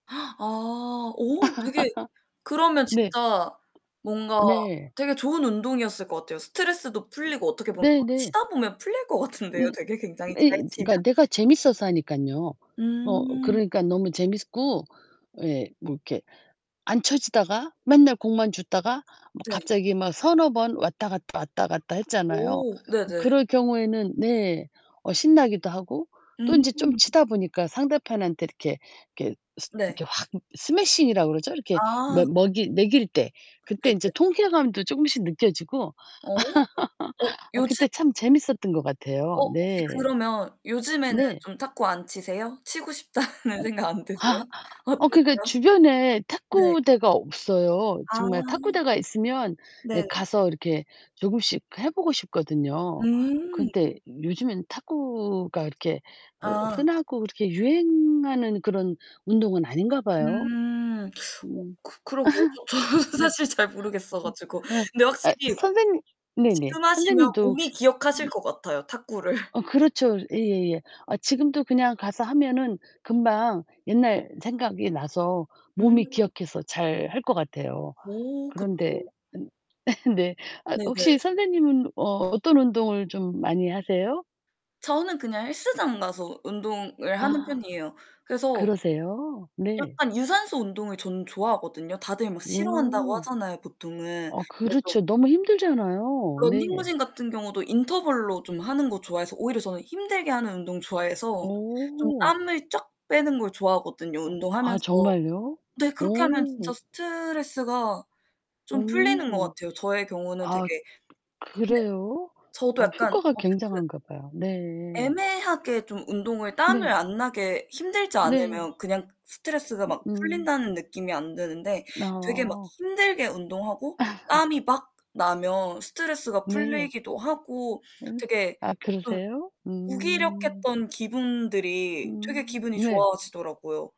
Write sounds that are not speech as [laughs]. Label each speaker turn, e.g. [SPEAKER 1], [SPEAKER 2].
[SPEAKER 1] [gasps] 아. 오 되게 그러면
[SPEAKER 2] [laughs] 네.
[SPEAKER 1] 진짜 뭔가
[SPEAKER 2] 네.
[SPEAKER 1] 되게 좋은 운동이었을 것 같아요. 스트레스도 풀리고 어떻게 보면 막
[SPEAKER 2] 네네.
[SPEAKER 1] 치다 보면 풀릴 것 같은데요,
[SPEAKER 2] 예.
[SPEAKER 1] 되게 굉장히
[SPEAKER 2] 예
[SPEAKER 1] 잘 치면?
[SPEAKER 2] 그러니까 내가 재밌어서 하니깐요. 어
[SPEAKER 1] 음.
[SPEAKER 2] 그러니까 너무 재밌고 예 뭐 이렇게 안 쳐지다가 맨날 공만 줍다가 뭐
[SPEAKER 1] 네.
[SPEAKER 2] 갑자기 막 3-4 번 왔다갔다, 왔다갔다 했잖아요.
[SPEAKER 1] 오. 네네.
[SPEAKER 2] 그럴 경우에는 네. 어 신나기도 하고 또 인제 좀
[SPEAKER 1] 음.
[SPEAKER 2] 치다 보니까 상대편한테 이렇게 이렇게 스
[SPEAKER 1] 네.
[SPEAKER 2] 이렇게 확 스매싱이라고 그러죠? 이렇게
[SPEAKER 1] 아.
[SPEAKER 2] 먹 먹이 맥일 때. 그때 인제
[SPEAKER 1] 네네.
[SPEAKER 2] 통쾌감도 쪼금씩 느껴지고.
[SPEAKER 1] 어. 어
[SPEAKER 2] 아
[SPEAKER 1] 요즘
[SPEAKER 2] 그때 참 재밌었던 것 같아요. [laughs]
[SPEAKER 1] 어 혹시
[SPEAKER 2] 네.
[SPEAKER 1] 그러면 요즘에는
[SPEAKER 2] 네.
[SPEAKER 1] 좀 탁구 안 치세요? 치고 싶다는
[SPEAKER 2] 어.
[SPEAKER 1] 생각 안 드세요?
[SPEAKER 2] 아 어 그니까
[SPEAKER 1] 어떠세요?
[SPEAKER 2] 주변에
[SPEAKER 1] 네.
[SPEAKER 2] 탁구대가 없어요.
[SPEAKER 1] 아.
[SPEAKER 2] 정말 탁구대가 있으면 예
[SPEAKER 1] 네.
[SPEAKER 2] 가서 이렇게 조금씩 해 보고 싶거든요.
[SPEAKER 1] 음.
[SPEAKER 2] 근데 요즘에는 탁구가 이렇게 흐
[SPEAKER 1] 아.
[SPEAKER 2] 흔하고 그렇게 유행하는 그런 운동은 아닌가 봐요.
[SPEAKER 1] 음. 어
[SPEAKER 2] 음.
[SPEAKER 1] 그 그러게요. 저
[SPEAKER 2] [laughs]
[SPEAKER 1] 저는
[SPEAKER 2] 네.
[SPEAKER 1] 사실 잘 모르겠어
[SPEAKER 2] 음.
[SPEAKER 1] 가지고.
[SPEAKER 2] 아.
[SPEAKER 1] 근데
[SPEAKER 2] 아
[SPEAKER 1] 확실히
[SPEAKER 2] 선생님 네네.
[SPEAKER 1] 지금 하시면
[SPEAKER 2] 선생님도 혹시
[SPEAKER 1] 몸이 기억하실 것 같아요, 탁구를.
[SPEAKER 2] 어 그렇죠. 예예예. 아 지금도 그냥 가서 하면은 금방 옛날 생각이 나서 몸이
[SPEAKER 1] 음.
[SPEAKER 2] 기억해서 잘할 것 같아요.
[SPEAKER 1] 어
[SPEAKER 2] 그런데
[SPEAKER 1] 그쵸.
[SPEAKER 2] 네. 아 혹시
[SPEAKER 1] 네네.
[SPEAKER 2] 선생님은 어 어떤 운동을 좀 많이 하세요?
[SPEAKER 1] 저는 그냥 헬스장 가서 운동을 하는
[SPEAKER 2] 아.
[SPEAKER 1] 편이에요. 그래서
[SPEAKER 2] 그러세요? 네.
[SPEAKER 1] 약간 유산소 운동을 저는 좋아하거든요. 다들 막 싫어한다고
[SPEAKER 2] 음.
[SPEAKER 1] 하잖아요, 보통은.
[SPEAKER 2] 아
[SPEAKER 1] 근데 전
[SPEAKER 2] 그렇죠. 너무 힘들잖아요. 네.
[SPEAKER 1] 런닝머신 같은 경우도 인터벌로 좀 하는 거 좋아해서 오히려 저는 힘들게 하는 운동 좋아해서 좀
[SPEAKER 2] 어.
[SPEAKER 1] 땀을 쫙 빼는 걸 좋아하거든요,
[SPEAKER 2] 아
[SPEAKER 1] 운동하면서.
[SPEAKER 2] 정말요?
[SPEAKER 1] 네. 그렇게 하면 진짜
[SPEAKER 2] 오.
[SPEAKER 1] 스트레스가 좀 풀리는 것
[SPEAKER 2] 오.
[SPEAKER 1] 같아요. 저의 경우는 되게
[SPEAKER 2] 아
[SPEAKER 1] 근데
[SPEAKER 2] 그래요?
[SPEAKER 1] 저도
[SPEAKER 2] 어
[SPEAKER 1] 약간
[SPEAKER 2] 효과가
[SPEAKER 1] 어쨌든
[SPEAKER 2] 굉장한가 봐요. 네.
[SPEAKER 1] 애매하게 좀 운동을 땀을
[SPEAKER 2] 네.
[SPEAKER 1] 안 나게 힘들지
[SPEAKER 2] 네.
[SPEAKER 1] 않으면 그냥 스트레스가 막
[SPEAKER 2] 음.
[SPEAKER 1] 풀린다는 느낌이 안 드는데 되게 막
[SPEAKER 2] 어.
[SPEAKER 1] 힘들게 운동하고
[SPEAKER 2] [laughs]
[SPEAKER 1] 땀이 막 나면 스트레스가
[SPEAKER 2] 네.
[SPEAKER 1] 풀리기도 하고
[SPEAKER 2] 예.
[SPEAKER 1] 되게
[SPEAKER 2] 아
[SPEAKER 1] 좀
[SPEAKER 2] 그러세요? 음.
[SPEAKER 1] 무기력했던 기분들이 되게
[SPEAKER 2] 음.
[SPEAKER 1] 기분이
[SPEAKER 2] 네.
[SPEAKER 1] 좋아지더라고요.